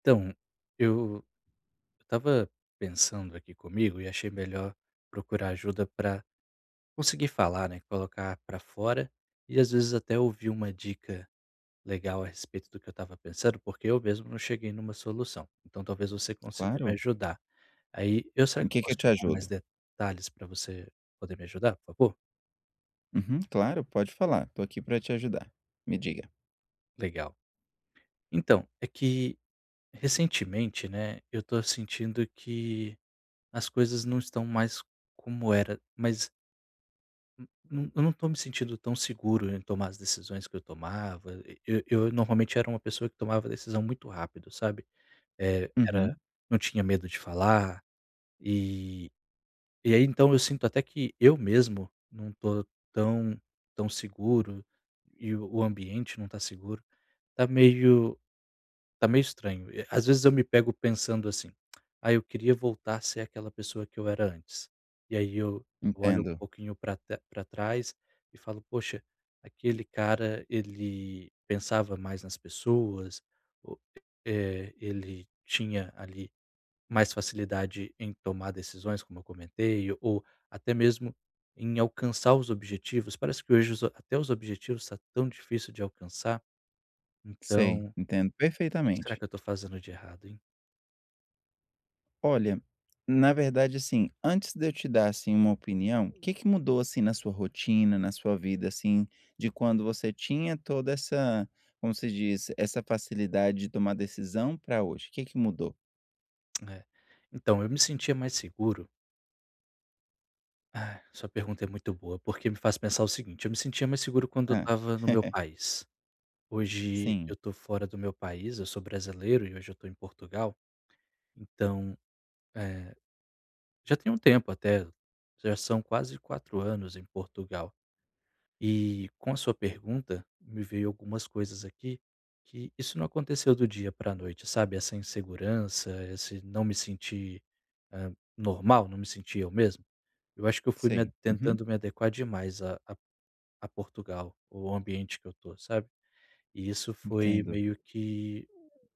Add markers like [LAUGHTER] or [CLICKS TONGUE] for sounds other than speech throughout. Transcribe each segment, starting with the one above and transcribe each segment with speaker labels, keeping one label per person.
Speaker 1: Então, eu eu estava pensando aqui comigo e achei melhor procurar ajuda para conseguir falar, né, colocar para fora, e às vezes até ouvir uma dica legal a respeito do que eu estava pensando, porque eu mesmo não cheguei numa solução, então talvez você consiga me
Speaker 2: Claro.
Speaker 1: ajudar. Aí, eu, será
Speaker 2: Em
Speaker 1: que eu
Speaker 2: que que eu
Speaker 1: posso
Speaker 2: te
Speaker 1: te dar mais
Speaker 2: ajudo?
Speaker 1: detalhes pra você poder me ajudar, por favor?
Speaker 2: Uhum, claro, pode falar, estou aqui para te ajudar, me diga.
Speaker 1: Legal. Então, é que recentemente, né, eu estou sentindo que as coisas não estão mais como era, mas n num eu não estou me sentindo tão seguro em tomar as decisões que eu tomava, e eu normalmente era uma pessoa que tomava a decisão muito rápido, sabe, eh, era
Speaker 2: Uhum.
Speaker 1: não tinha medo de falar, e e aí então eu sinto até que eu mesmo não estou tão tão seguro, e o ambiente não está seguro, está meio está meio estranho, e às vezes eu me pego pensando assim: [CLICKS TONGUE] "Ah, eu queria voltar a ser aquela pessoa que eu era antes", e aí eu olho um
Speaker 2: Entendo.
Speaker 1: pouquinho para tra para trás e falo: "Poxa, aquele cara, ele pensava mais nas pessoas", o "eh, ele tinha, ali, mais facilidade em tomar decisões", como eu comentei, ou até mesmo em alcançar os objetivos, parece que hoje os a até os objetivos, está tão difícil de alcançar.
Speaker 2: Sei,
Speaker 1: Então,
Speaker 2: entendo
Speaker 1: que que será
Speaker 2: perfeitamente.
Speaker 1: que eu estou fazendo de errado, hein?
Speaker 2: Olha, na verdade assim, antes de eu te dar, assim, uma opinião, que que mudou, assim, na sua rotina, na sua vida, assim, de quando você tinha toda essa, como se diz, essa facilidade de tomar decisão para hoje, que que mudou?
Speaker 1: É, então eu me sentia mais seguro. Ah, sua pergunta é muito boa, porque me faz pensar o seguinte, eu me sentia mais seguro quando eu
Speaker 2: Hã.
Speaker 1: estava no meu
Speaker 2: [CHUCKLES]
Speaker 1: país. Hoje
Speaker 2: Sim.
Speaker 1: eu estou fora do meu país, eu sou brasileiro e hoje eu estou em Portugal. Então, eh, já tem um tempo até, já são quase 4 anos em Portugal. E com a sua pergunta, me veio algumas coisas aqui, que isso não aconteceu do dia para noite, sabe? Essa insegurança, esse não me sentir, hã, normal, não me sentir eu mesmo. Eu acho que eu fui me a
Speaker 2: Sei, uhum.
Speaker 1: tentando me adequar demais a a a Portugal, o ambiente que eu estou, sabe? E isso foi
Speaker 2: Entendo.
Speaker 1: meio que,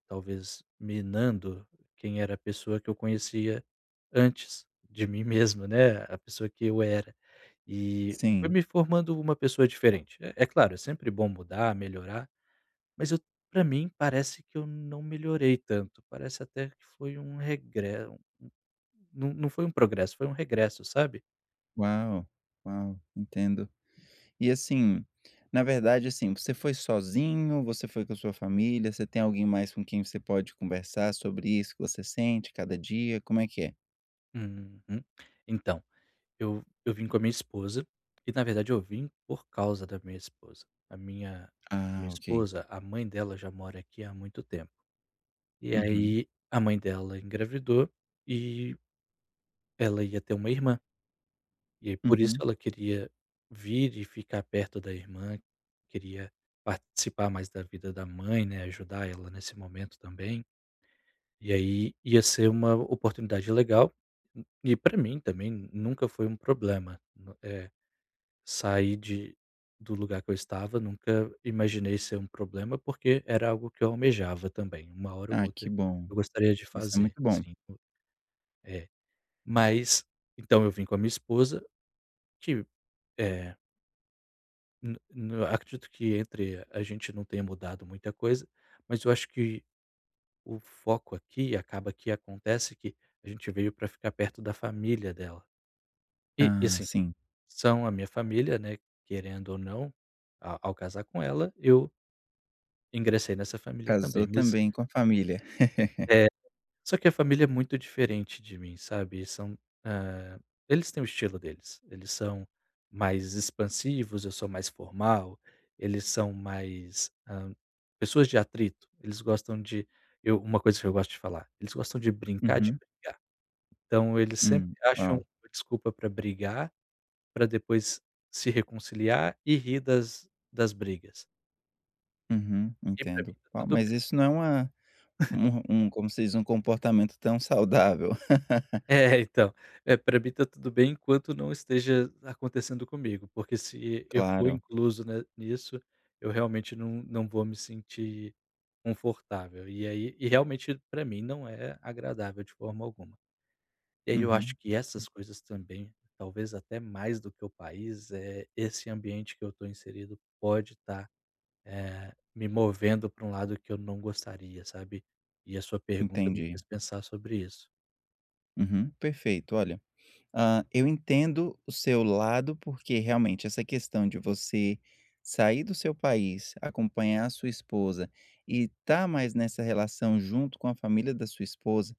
Speaker 1: talvez minando quem era a pessoa que eu conhecia antes de mim mesmo, né, a pessoa que eu era, e foi
Speaker 2: Sim.
Speaker 1: me formando uma pessoa diferente, é é claro, é sempre bom mudar, melhorar, mas eu para mim parece que eu não melhorei tanto, parece até que foi um regre não não foi um progresso, um regresso, sabe?
Speaker 2: Uau, uau entendo. E assim, na verdade, assim, você foi sozinho, você foi com a sua família, você tem alguém mais com quem você pode conversar sobre isso que você sente cada dia, como é que é?
Speaker 1: Uhum. Então, eu eu vim com a minha esposa, e na verdade eu vim por causa da minha esposa. A minha a minha
Speaker 2: Ah ok.
Speaker 1: esposa, a mãe dela já mora aqui há muito tempo. E
Speaker 2: Uhum.
Speaker 1: aí a mãe dela engravidou e ela ia ter uma irmã. E por isso
Speaker 2: Uhum.
Speaker 1: ela queria vir e ficar perto da irmã, queria participar mais da vida da mãe, né, ajudar ela nesse momento também. E aí ia ser uma oportunidade legal, e para mim também nunca foi um problema, no, eh, sai de do lugar que eu estava, nunca imaginei ser um problema, porque era algo que eu almejava também, uma hora ou
Speaker 2: Ah que
Speaker 1: outra
Speaker 2: bom,
Speaker 1: eu gostaria de
Speaker 2: isso é
Speaker 1: fazer,
Speaker 2: muito bom.
Speaker 1: sim. É. Mas, então eu vim com a minha esposa, [UNINTELLIGIBLE] eh. No no acredito que entre a gente não tenha mudado muita coisa, mas eu acho que o foco aqui, acaba que acontece que a gente veio para ficar perto da família dela. E e
Speaker 2: Ah,
Speaker 1: assim,
Speaker 2: sim.
Speaker 1: são a minha família, né, querendo ou não, a ao casar com ela eu ingressei nessa família
Speaker 2: Casou
Speaker 1: também mas
Speaker 2: também com a família. [LAUGHS]
Speaker 1: é, só que a família é muito diferente de mim, sabe, são, eh, eles têm o estilo deles, eles são mais expansivos, eu sou mais formal, eles são mais, hã, pessoas de atrito, eles gostam de eu uma coisa que eu gosto de falar, eles gostam de brincar de
Speaker 2: Uhum.
Speaker 1: brigar. Então eles sempre
Speaker 2: Hum,
Speaker 1: acham
Speaker 2: ó.
Speaker 1: desculpa para brigar, para depois se reconciliar e rir das das brigas.
Speaker 2: Uhum,
Speaker 1: E para
Speaker 2: entendo.
Speaker 1: mim tá
Speaker 2: Ó
Speaker 1: tudo
Speaker 2: mas
Speaker 1: bem.
Speaker 2: isso não é uma
Speaker 1: [CHUCKLES]
Speaker 2: [CHUCKLES] um um como se diz, um comportamento tão saudável. [LAUGHS]
Speaker 1: É, então, eh, para mim está tudo bem enquanto não esteja acontecendo comigo, porque se eu for
Speaker 2: Claro.
Speaker 1: incluso, né, nisso, eu realmente não não vou me sentir confortável e aí e realmente para mim não é agradável de forma alguma. E aí eu acho
Speaker 2: Uhum.
Speaker 1: que
Speaker 2: Hum.
Speaker 1: essas coisas também, talvez até mais do que o país é esse ambiente que eu estou inserido pode estar, eh, me movendo para um lado que eu não gostaria, sabe, e a sua pergunta me
Speaker 2: Entendi.
Speaker 1: fez pensar sobre isso.
Speaker 2: Uhum, perfeito, olha, ah, eu entendo o seu lado, porque realmente essa questão de você sair do seu país, acompanhar a sua esposa e estar mais nessa relação junto com a família da sua esposa,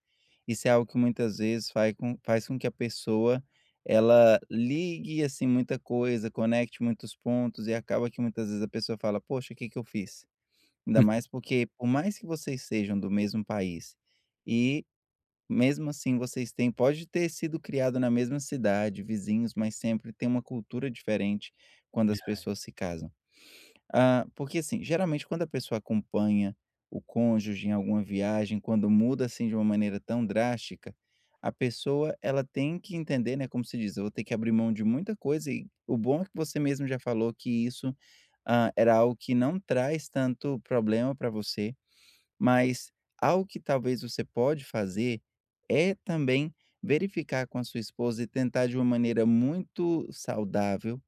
Speaker 2: isso é algo que muitas vezes fai faz com que a pessoa, ela ligue assim muita coisa, conecte muitos pontos e acaba que muitas vezes a pessoa fala: "Poxa, o que que eu fiz", ainda
Speaker 1: Uhum.
Speaker 2: mais porque por mais que vocês sejam do mesmo país, e mesmo assim vocês tem podem ter sido criados na mesma cidade, vizinhos, mas sempre tem uma cultura diferente quando as
Speaker 1: [UNINTELLIGIBLE]
Speaker 2: pessoas se casam. Hã, porque assim geralmente quando a pessoa acompanha o cônjuge em alguma viagem, quando muda assim de uma maneira tão drástica, a pessoa ela tem que entender, né, como se diz, eu vou ter que abrir mão de muita coisa, e o bom é que você mesmo já falou que isso, hã, era algo que não traz tanto problema para você, mas algo que talvez você pode fazer é também verificar com a sua esposa e tentar de uma maneira muito saudável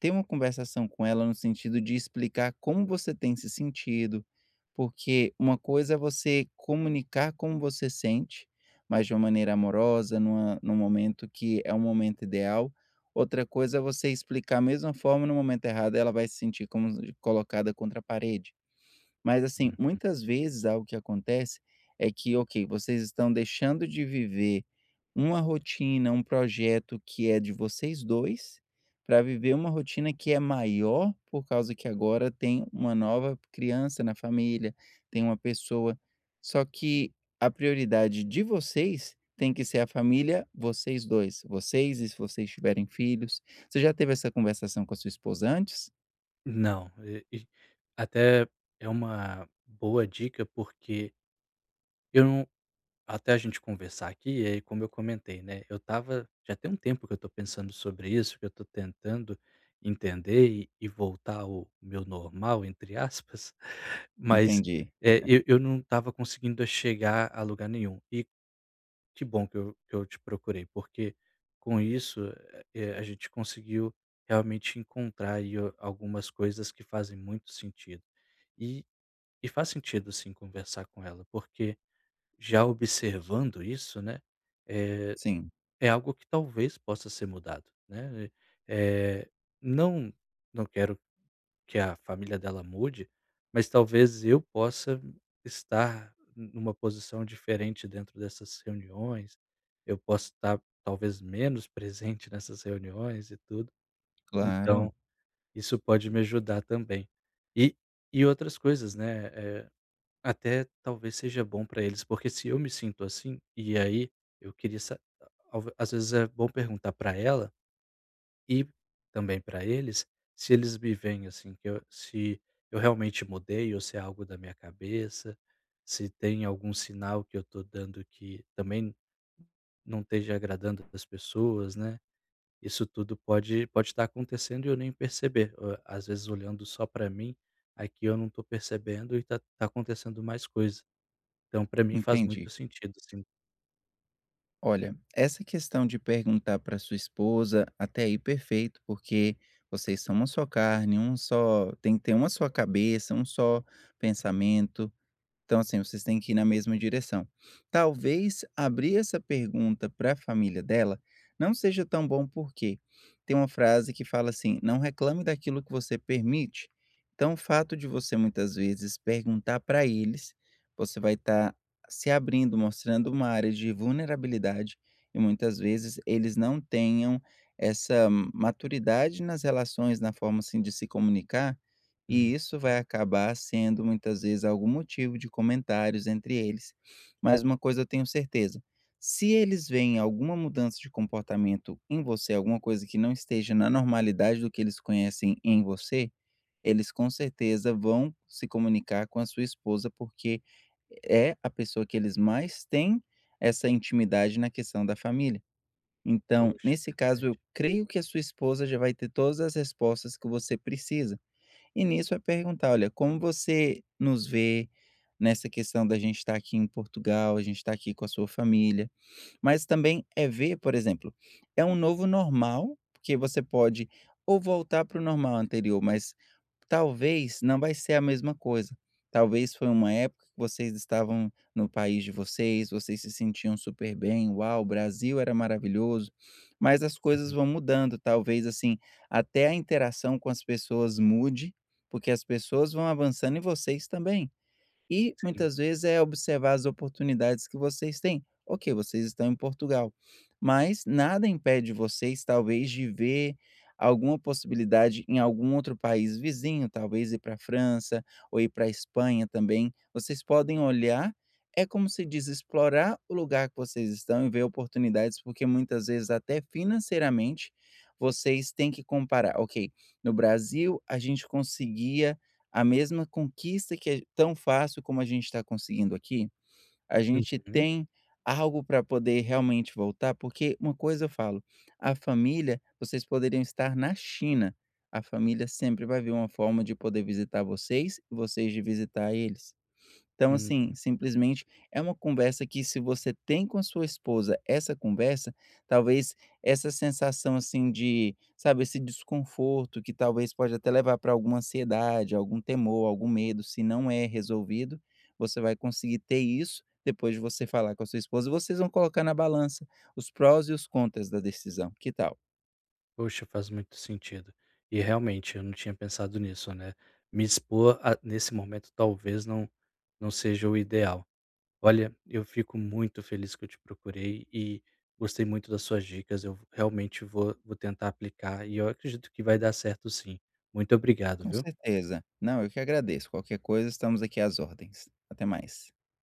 Speaker 2: ter uma conversação com ela no sentido de explicar como você tem se sentido, porque uma coisa é você comunicar como você sente, mas de uma maneira amorosa, numa num momento que é o momento ideal, outra coisa é você explicar a mesma forma e no momento errado, ela vai se sentir como colocada contra a parede. Mas assim,
Speaker 1: Uhum.
Speaker 2: muitas vezes algo que acontece é que ok, vocês estão deixando de viver uma rotina, um projeto que é de vocês 2, para viver uma rotina que é maior, por causa que agora tem uma nova criança na família, tem uma pessoa, só que a prioridade de vocês tem que ser a família, vocês 2, vocês e se vocês tiverem filhos. Você já teve essa conversação com a sua esposa antes?
Speaker 1: Não, [UNINTELLIGIBLE] até é uma boa dica porque Eu não até a gente conversar aqui, eh, como eu comentei, né, eu estava já tem um tempo que eu estou pensando sobre isso, que eu estou tentando entender e e voltar ao meu normal, entre aspas, mas,
Speaker 2: Entendi.
Speaker 1: eh,
Speaker 2: [CHUCKLES]
Speaker 1: eu eu não estava conseguindo chegar a lugar nenhum. E que bom que eu eu te procurei, porque, com isso, eh, a gente conseguiu realmente encontrar aí algumas coisas que fazem muito sentido. E e faz sentido, sim, conversar com ela porque, já observando isso, né, é
Speaker 2: Sim
Speaker 1: é algo que talvez possa ser mudado, né. Eh. Não não quero que a família dela mude, mas talvez eu possa estar numa posição diferente dentro dessas reuniões. Eu posso estar talvez menos presente nessas reuniões e tudo. Então,
Speaker 2: Claro.
Speaker 1: isso pode me ajudar também. E e outras coisas, né, eh, até talvez seja bom para eles, porque se eu me sinto assim E aí, eu queria sa às vezes é bom perguntar para ela e também para eles se eles me veem assim, que eu se eu realmente mudei ou se é algo da minha cabeça, se tem algum sinal que eu estou dando que também não esteja agradando para as pessoas, né. Isso tudo pode pode estar acontecendo e eu nem perceber. Às vezes, olhando só para mim, aqui, eu não estou percebendo e tá tá acontecendo mais coisa. Então, para mim, faz
Speaker 2: Entendi.
Speaker 1: muito sentido, sim.
Speaker 2: Olha, essa questão de perguntar para sua esposa, até aí perfeito, porque vocês são uma só carne, um só tem que ter uma só cabeça, um só pensamento. Então assim vocês têm que ir na mesma direção. Talvez abrir essa pergunta para família dela, não seja tão bom por quê? Tem uma frase que fala assim: "Não reclame daquilo que você permite", então o fato de você muitas vezes perguntar para eles, você vai estar se abrindo, mostrando uma área de vulnerabilidade, e muitas vezes eles não tenham essa ma maturidade nas relações, na forma, assim, de se comunicar, e
Speaker 1: Uhum.
Speaker 2: isso vai acabar sendo muitas vezes algum motivo de comentários entre eles. Mas uma coisa eu tenho certeza, se eles veem alguma mudança de comportamento em você, alguma coisa que não esteja na normalidade do que eles conhecem em você, eles com certeza vão se comunicar com a sua esposa, porque é a pessoa que eles mais têm essa intimidade na questão da família. Então
Speaker 1: Poxa,
Speaker 2: nesse caso
Speaker 1: verdade.
Speaker 2: eu creio que a sua esposa já vai ter todas as respostas que você precisa. E nisso vai perguntar: "Olha, como você nos vê nessa questão da gente estar aqui em Portugal, a gente estar aqui com a sua família", mas também é ver por exemplo, é um novo normal, porque você pode ou voltar para o normal anterior, mas talvez não vai ser a mesma coisa, talvez foi uma época que vocês estavam no país de vocês, vocês se sentiam super bem, "uau o Brasil era maravilhoso", mas as coisas
Speaker 1: Uhum.
Speaker 2: vão mudando talvez, assim, até a interação com as pessoas mude, porque as pessoas vão avançando e vocês também. E
Speaker 1: Sim.
Speaker 2: muitas vezes é observar as oportunidades que vocês têm, ok, vocês estão em Portugal, mas nada impede vocês talvez de ver alguma possibilidade em algum outro país vizinho, talvez ir para França, ou ir para Espanha também, vocês podem olhar, é como se diz: "Explorar o lugar que vocês estão e ver oportunidades, porque muitas vezes até financeiramente vocês têm que comparar, ok, no Brasil a gente conseguia a mesma conquista que é tão fácil como a gente está conseguindo aqui? A gente
Speaker 1: Uhum.
Speaker 2: tem algo para poder realmente voltar"? Porque uma coisa eu falo, a família, vocês poderiam estar na China, a família sempre vai vir uma forma de poder visitar vocês, vocês de visitar eles. Então assim
Speaker 1: Uhum.
Speaker 2: simplesmente é uma conversa que se você tem com a sua esposa essa conversa, talvez essa sensação, assim, de, sabe, esse desconforto que talvez pode até levar para alguma ansiedade, algum temor, algum medo se não é resolvido, você vai conseguir ter isso depois de você falar com a sua esposa e vocês vão colocar na balança os prós e os contras da decisão, que tal?
Speaker 1: Poxa, faz muito sentido. E realmente, eu não tinha pensado nisso, né, me expor a nesse momento talvez não não seja o ideal. Olha, eu fico muito feliz que eu te procurei e gostei muito das suas dicas, eu v realmente vou, vou tentar aplicar e eu acredito que vai dar certo sim. Muito obrigado,
Speaker 2: Com
Speaker 1: viu?
Speaker 2: certeza. Não, eu que agradeço, qualquer coisa estamos aqui às ordens. Até mais.